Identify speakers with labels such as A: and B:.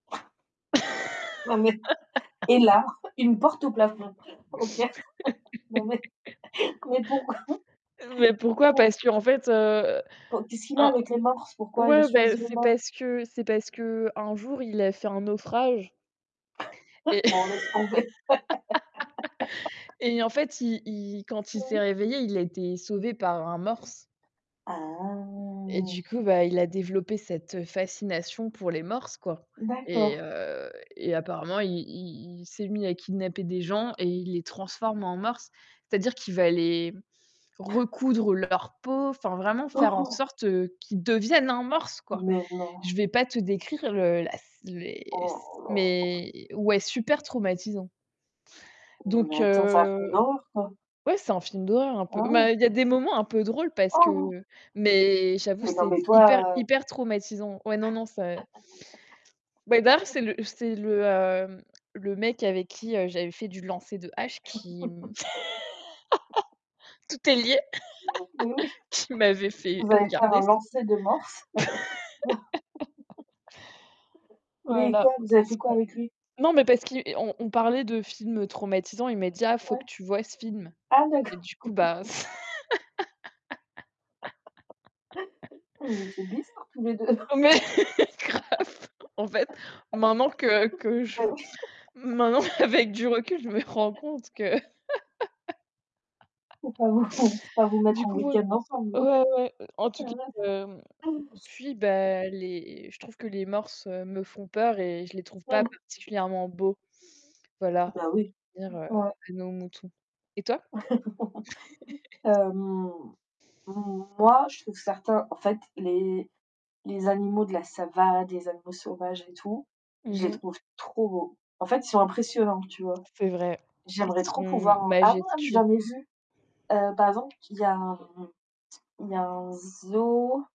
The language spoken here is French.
A: Non, mais et là, une porte au plafond. OK. Non, mais, mais pou pou?
B: Mais pourquoi?
A: Pourquoi?
B: Parce qu'en fait, heu,
A: Po qu'est-ce qu'il a
B: un
A: avec les morses, pourquoi il a
B: ouais, bah,
A: choisit le
B: c'est
A: morse?
B: parce que c'est parce qu'un jour, il a fait un naufrage et
A: Bon, laisse tomber!
B: et en fait, il il quand il
A: Mmh
B: s'est
A: mh.
B: réveillé, il a été sauvé par un morse et
A: Ah!
B: du coup, bah, il a développé cette fascination pour les morses, quoi et
A: D'accord.
B: heu, apparemment, il il il s'est mis à kidnapper des gens et il les transforme en morse. C'est-à-dire qu'il va les recoudre leur peau, enfin, vraiment faire en
A: [unintelligible]
B: sorte qu'ils deviennent un morse, quoi.
A: Mais non!
B: Je vais pas te décrire le la sc mais c
A: Oh non!
B: mais, ouais, super traumatisant
A: Non,
B: donc
A: mais attends c'est un film
B: heu,
A: d'horreur, quoi?
B: ouais, c'est un film d'horreur un peu
A: Ah ouais?
B: mais il y des moments un peu drôles parce
A: Oh!
B: que mais j'avoue,
A: Oui, non,
B: c'est
A: mais
B: hyper,
A: toi
B: hyper traumatisant. Ouais, non, non, c'est Bébert c'est le c'est le, hem, le mec avec qui, heu, j'avais fait du lancer de hache qui, hem, tout est lié!
A: Oui, Oui.
B: qui m'avait fait
A: Vous allez faire
B: regarder
A: un
B: ce f
A: lancer de morse? Mais
B: Voilà,
A: quoi, vous avez
B: c'est
A: fait
B: ça.
A: quoi avec lui?
B: Non, mais parce qu'il on on parlait de film, heu, traumatisant, il m'a dit: «Ah, il faut
A: Ouais.
B: que tu voies ce film».
A: Ah
B: Et
A: d'accord!
B: du coup, bah, c
A: Oh, vous étiez bizarre tous les 2.
B: Mais grave! En fait, maintenant que que je
A: Bah, oui.
B: maintenant avec du recul, je me rends compte que
A: Faut pas vous faut pas vous
B: du
A: mettre en
B: coup, ouais,
A: week-end ensemble!
B: ouais, ouais, en
A: Ah,
B: tout
A: la
B: cas, hem,
A: vache!
B: depuis bah, les je trouve que les morses, heu, me font peur et je les trouve pas
A: Mmh.
B: particulièrement beaux, voilà,
A: Bah, oui.
B: pour revenir à
A: Ouais.
B: nos moutons et toi?
A: Hem, moi, je trouve certains, en fait, les les animaux de la savanne, les animaux sauvages et tout, je
B: Mmh
A: les
B: mh.
A: trouve trop beaux, en fait, ils sont impressionnants, tu vois?
B: C'est vrai, ils
A: J'aimerais trop
B: sont
A: pouvoir ah ouais, ah mais
B: majestueux!
A: j'en ai vu, heu, par exemple, il y a un il y a un zoo